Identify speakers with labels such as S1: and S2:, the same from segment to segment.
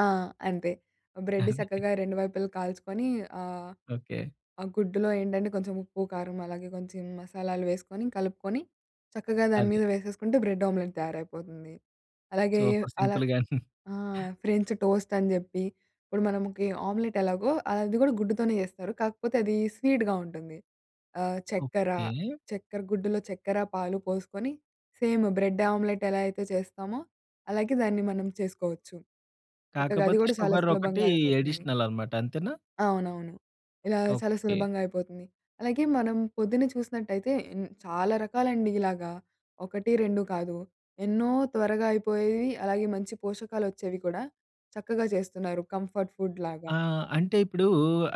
S1: ఆ! అంతే. బ్రెడ్
S2: అందుకే.
S1: సక్కగా 2 వైపులా కాల్చుకొని, ఆహ్,
S2: ఓకే.
S1: ఆ గుడ్డులో ఏంటంటే కొంచెం ఉప్పు, కారం అలాగే కొంచెం మసాలాలు వేసుకొని కలుపుకొని, చక్కగా దాని
S2: అదే.
S1: మీద వేసేసుకుంటే బ్రెడ్ ఆమ్లెట్ తయారైపోతుంది. అలాగే,
S2: సూపర్
S1: అలా
S2: సింపుల్‌గా.
S1: ఆ! ఫ్రెంచ్ టోస్ట్ అని జెప్పి ఇప్పుడు మనముకి ఆమ్లెట్ ఎలాగో అది గూడా గుడ్డుతోనే చేస్తారు. కాకపోతే అది స్వీట్‌గా ఉంటుంది. ఆహ్, చక్కెర,
S2: ఓకే.
S1: చక్కెర గుడ్డులో చక్కెర, పాలు పోసుకొని సేమ్ బ్రెడ్ ఆమ్లెట్ ఎలా అయితే చేస్తామో అలాగే దాన్ని మనం చేసుకోవచ్చు. చక్కగా అది
S2: కాకపోతే
S1: గూడా చాలా
S2: షుగర్ ఒకటీ
S1: సులభంగా అయిపోతుంది.
S2: అడిషనల్ అన్నమాట. అంతేనా?
S1: అవునవును. ఇలా చాలా
S2: ఓకే.
S1: సులభంగా అయిపోతుంది. అలాగే మనం పొద్దు‌న్న చూసినట్టయితే, ఇన్ చాలా రకాలండి ఇలాగా, 1, 2 కాదు. ఎన్నో త్వరగా అయిపోయేవి అలాగే మంచి పోషకాలొచ్చేవి కూడా, చక్కగా చేస్తున్నారు. కంఫర్ట్ ఫుడ్‌‌లాగా.
S2: ఆ! అంటే ఇప్పుడూ,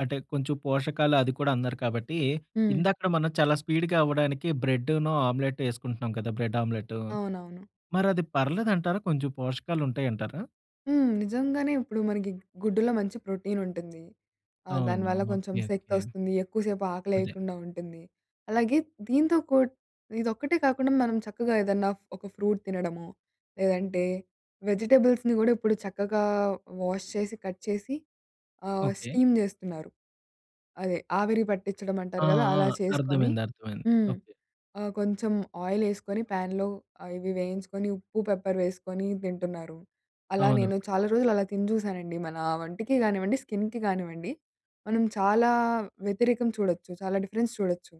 S2: అంటే కొంచెం పోషకాలు అది కూడా అన్నారు కాబట్టి,
S1: హ్మ్.
S2: ఇందాకడ మనం చాలా స్పీడ్‌గా అవ్వడానికి బ్రెడ్డునూ, ఆమ్లెట్ ఎసుకుంటున్నాం కదా! బ్రెడ్ ఆమ్లెటు
S1: అవునవును.
S2: మరి అది పర్లేదంటారా? కొంచెం పోషకాలుంటాయంటారా?
S1: హ్మ్. నిజంగానే. ఇప్పుడు మనకి గుడ్డులో మంచి ప్రోటీన్ ఉంటుంది. ఆహ్,
S2: అవును.
S1: దానివల్ల కొంచెం
S2: ఓకే. ఓకే.
S1: శక్తొస్తుంది. ఎక్కువసేపు
S2: అదే.
S1: ఆకలేయకుండా ఉంటుంది. అలాగే దీంతో కూడ్ ఇదొక్కటే కాకుండా మనం చక్కగా ఏదన్నా ఫ్ ఒక ఫ్రూట్ తినడమో, లేదంటే వెజిటబుల్స్‌ని గూడా ఇప్పుడు చక్కగా వాష్ చేసి, కట్ చేసి ఆహ్,
S2: ఓకే.
S1: స్టీమ్ జేస్తున్నారు. అదే ఆవిరి పట్టించడం అంటారు
S2: ఆ!
S1: గదా!
S2: ఆ!
S1: అలా చేసుకొని
S2: అర్థమైంది. అర్థమైంది.
S1: హ్మ్.
S2: ఓకే.
S1: ఆహ్, కొంచెం ఆయిలేసుకొని ప్యాన్‌లో ఆహ్, ఇవి వేయించుకొని ఉప్పు, పెప్పర్ వేసుకొని దింటున్నారు. అలా
S2: అవును.
S1: నేను చాలా రోజులలా తిని జూసానండి మన వంటికి గానివ్వండి, స్కిన్‌కి గానివ్వండి. మనం చాలా వ్యతిరేకం చూడొచ్చు చాలా డిఫరెన్స్ చూడొచ్చు.